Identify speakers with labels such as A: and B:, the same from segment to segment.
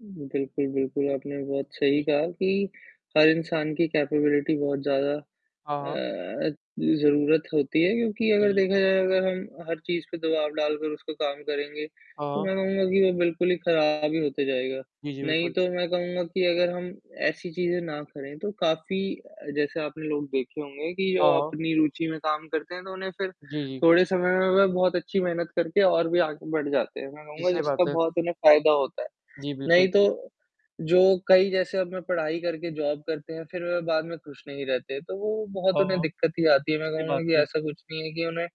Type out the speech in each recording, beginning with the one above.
A: बिल्कुल, बिल्कुल। आपने बहुत सही
B: जी।
A: कहा कि हर इंसान की केपेबिलिटी बहुत ज़्यादा
B: हाँ, हाँ।
A: अ, ज़रूरत होती है, क्योंकि अगर
B: जी।
A: देखा जाए अगर हम हर चीज़ पे दबाव डालकर उसपे काम करेंगे, तो
B: हाँ।
A: मैं कहूँगा कि वो बिल्कुल ही खराब ही होते जाएगा,
B: जी, जी।
A: नहीं
B: बिल्कुल।
A: तो मैं कहूँगा कि अगर हम ऐसी चीज़ें ना करें, तो काफ़ी अ, जैसे आपने लोग देखे होंगे कि जो
B: हाँ।
A: अपनी रुचि में काम करते हैं, तो उन्हें फिर
B: जी, जी।
A: थोड़े समय में वह बहुत अच्छी मेहनत करके और भी आगे बढ़ जाते हैं, मैं
B: जी,
A: कहूँगा
B: सही
A: जिसका
B: बात है।
A: बहुत उन्हें फ़ायदा होता है,
B: जी,
A: नहीं
B: बिल्कुल।
A: तो जो कई जैसे अब मैं पढ़ाई करके जॉब करते हैं फिर बाद में खुश नहीं रहते, तो वो बहुत उन्हें
B: हाँ,
A: दिक्कत ही आती है, मैं
B: सही
A: कहूँगा
B: बात
A: कि
B: है।
A: ऐसा कुछ नहीं है कि उन्हें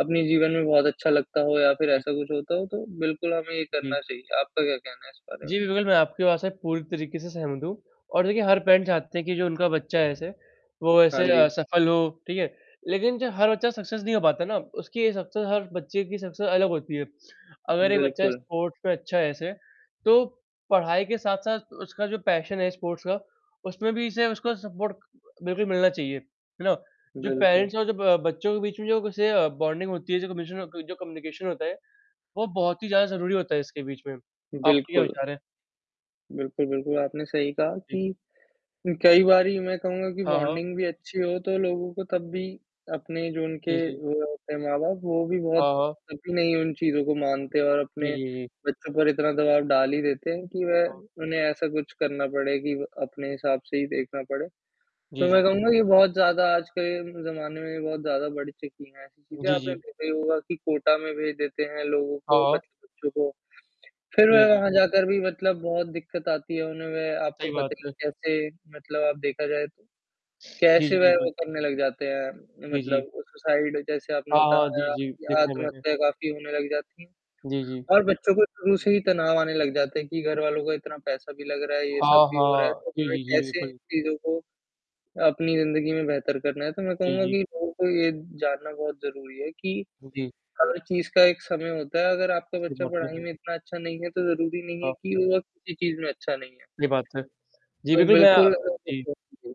A: अपने जीवन में बहुत अच्छा लगता हो या फिर
B: जी।
A: ऐसा कुछ होता हो, तो बिल्कुल हमें ये
B: जी।
A: करना चाहिए, आपका क्या कहना है इस बारे में?
B: जी, बिल्कुल। मैं आपके बात से पूरी तरीक़े से सहमत हूँ और देखिए हर पैरेंट चाहते हैं कि जो उनका बच्चा है ऐसे, वो
A: हाँ
B: ऐसे अ,
A: जी।
B: सफल हो, ठीक है? लेकिन जो हर बच्चा सक्सेस नहीं हो पाता ना, उसकी ये सक्सेस हर बच्चे की सक्सेस अलग होती है, अगर एक बच्चा
A: बिल्कुल।
B: स्पोर्ट्स में अच्छा है ऐसे, तो पढ़ाई के साथ-साथ उसका जो पैशन है, स्पोर्ट्स का, उसमें भी इसे उसको सपोर्ट बिल्कुल ही मिलना चाहिए, है ना? जो
A: बिल्कुल।
B: पेरेंट्स हैं और जो ब बच्चों के बीच में जो ऐसे अ, बॉन्डिंग होती है, जो कमिशन जो कम्युनिकेशन होता है, वो बहुत ही ज़्यादा ज़रूरी होता है इसके बीच में, आपके क्या
A: बिल्कुल।
B: विचार हैं?
A: बिल्कुल, बिल्कुल। आपने सही कहा
B: जी।
A: कि कई बारी मैं कहूँगा कि
B: हाँ, हाँ।
A: बॉन्डिंग भी अच्छी हो तो लोगों को तब भी अपने जो उनके
B: जी, जी।
A: वो होते हैं माँ-बाप, वो भी बहुत
B: हाँ, हाँ।
A: कभी नहीं उन चीज़ों को मानते और
B: जी,
A: अपने
B: जी, जी।
A: बच्चों पर इतना दबाव डाल ही देते हैं कि
B: हाँ।
A: वह उन्हें ऐसा कुछ करना पड़े कि व अपने हिसाब से ही देखना पड़े, तो
B: जी,
A: मैं
B: जी।
A: कहूँगा कि बहुत ज़्यादा आजकल के ज़माने में बहुत ज़्यादा बढ़ चुकी है ऐसी चीज़ें,
B: जी,
A: आपने
B: जी।
A: देखा ही होगा कि कोटा में भेज देते हैं लोगों को,
B: हाँ।
A: मतलब बच्चों को, फिर
B: जी,
A: वह
B: जी।
A: वहाँ जाकर भी मतलब बहुत दिक्कत आती है उन्हें, वे आपको
B: सही
A: पता
B: बात
A: ही
B: है।
A: है कैसे मतलब आप देखा जाए तो,
B: जी,
A: कैसे
B: जी।
A: वह वो
B: बिल्कुल।
A: करने लग जाते हैं,
B: जी, जी।
A: मतलब सुसाइड, जैसे आपने
B: हाँ, हाँ। जी,
A: बताया
B: जी।
A: या
B: देखे हैं मैंने।
A: आत्महत्या काफ़ी होने लग जाती हैं
B: जी, जी।
A: और बच्चों को शुरू से ही तनाव आने लग जाते हैं कि घरवालों का इतना पैसा भी लग रहा है, ये
B: हाँ,
A: सब भी हो रहा है,
B: हाँ।
A: तो
B: जी,
A: मैं
B: जी। जी,
A: कैसे
B: बिल्कुल।
A: चीज़ों को अपनी ज़िंदगी में बेहतर करना है, तो मैं
B: जी,
A: कहूँगा
B: जी।
A: कि लोगों को ये जानना बहुत ज़रूरी है कि
B: जी।
A: हर चीज़ का एक समय होता है, अगर आपका
B: सही
A: बच्चा
B: बात है।
A: पढ़ाई में इतना अच्छा नहीं है, तो ज़रूरी नहीं है
B: हाँ।
A: कि वो किसी चीज़ में अच्छा नहीं है।
B: सही बात है। जी,
A: तो
B: बिल्कुल। मैं अ,
A: बिल्कुल
B: जी।
A: [unintelligible]